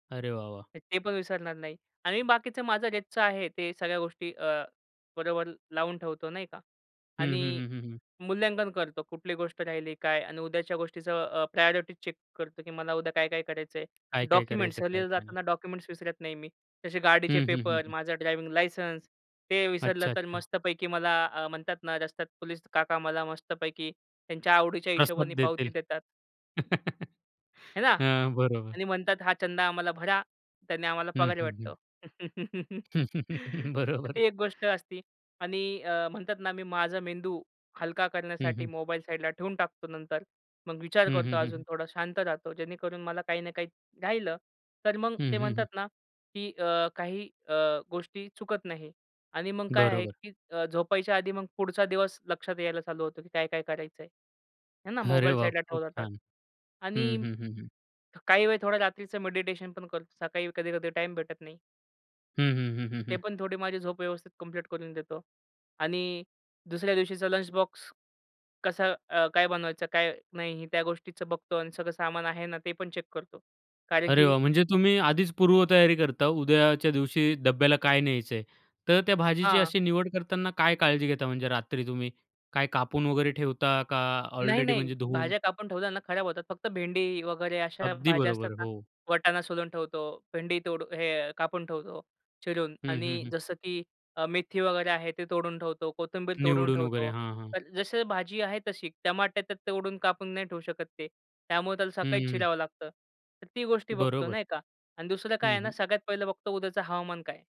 अरे वाह! वाह! तर ते पण विसरणार नाही. आणि बाकीचं माझं रोजचं आहे. ते सगळ्या गोष्टी अ, बरोबर लावून ठेवतो, नाही का. हं, आणि हं. हं, हं. हं. मूल्यांकन करतो कुठली गोष्ट राहिली काय आणि उद्याच्या गोष्टीचं अ, प्रायोरिटी चेक करतो की मला उद्या काय-काय करायचंय. काय-काय डॉक्युमेंट्स, करायचं, सहलीला काय-काय नाही. जाताना डॉक्युमेंट्स विसरत नाही मी. तसे गाडीचे हं, हं. हं, पेपर, हं. माझा ड्रायव्हिंग लायसन्स, ते विसरलं तर अच्छा-अच्छा. मस्तपैकी मला म्हणतात ना, रस्त्यात पोलीस काका, मला मस्तपैकी त्यांच्या आवडीच्या प्रसाद हिशोबाने पावती देतील. देतात. है ना? हां. बरोबर. आणि म्हणतात "हा चंदा आम्हाला भरा. त्यांनी आम्हाला हं, पगार हं. हं. भेटतो." तर बरोबर. ती एक गोष्ट असते. आणि म्हणतात ना मी माझा मेंदू हलका हं, करण्यासाठी हं. मोबाईल साईडला ठेवून टाकतो नंतर. मग विचार हं, करतो हं, हं, अजून. हं. थोडा शांत राहतो जेणेकरून मला काही ना काही राहिलं तर मग हं, ते हं, हं. म्हणतात ना, की अ, काही अ, गोष्टी चुकत नाही आणि मग काय आहे, बरोबर. की झोपायच्या आधी मग पुढचा दिवस लक्षात यायला चालू होतो, की काय-काय करायचंय. है ना. अरे मोबाईल वाह! साईडला खूप ठेवला तर छान. हं, आणि हं. हं, हं. काही वेळ थोडा रात्रीच मेडिटेशनपण करतो. सकाळी कधी-कधी टाईम भेटत नाही. हं, हं. हं, हं. ते हं. पण थोडी माझी झोप व्यवस्थित कंप्लीट करून देतो. आणि दुसऱ्या दिवशीचा लंच बॉक्स कसा काय बनवायचं काय नाही, त्या गोष्टीचं बघतो आणि सगळं सामान आहे ना, ते पण चेक करतो, कारण अरे की वाह! म्हणजे तुम्ही आधीच पूर्वतयारी करता, उद्याच्या दिवशी डब्याला काय न्यायचंय. तर त्या भाजीची हां. अशी निवड करताना काय काळजी घेता म्हणजे रात्री तुम्ही? काय कापून वगैरे ठेवता का ऑलरेडी नाही-नाही, म्हणजे धुवून? भाज्या कापून ठेवल्या ना खराब होतात. फक्त भेंडी वगैरे अशा अगदी भाज्या असतात बरोबर. ना, हो. वटाणा सोलून ठेवतो. भेंडी तोडून हे कापून ठेवतो चिरून हं, हं. आणि हं. जसं की मेथी वगैरे आहे ते तोडून ठेवतो. कोथिंबीर तोडून निवडून वगैरे. ठेवतो. हां, हां. तर जशी भाजी आहे तशी. टमाटे तोडून कापून नाही ठेवू शकत ते. त्यामुळे त्याला सकाळीच हं. चिरावं लागतं. तर ती गोष्टी बघतो, बरोबर. नाही का आणि दुसरं काय हं, आहे ना, हं. सगळ्यात पहिलं बघतो उद्याचं हवामान काय आहे.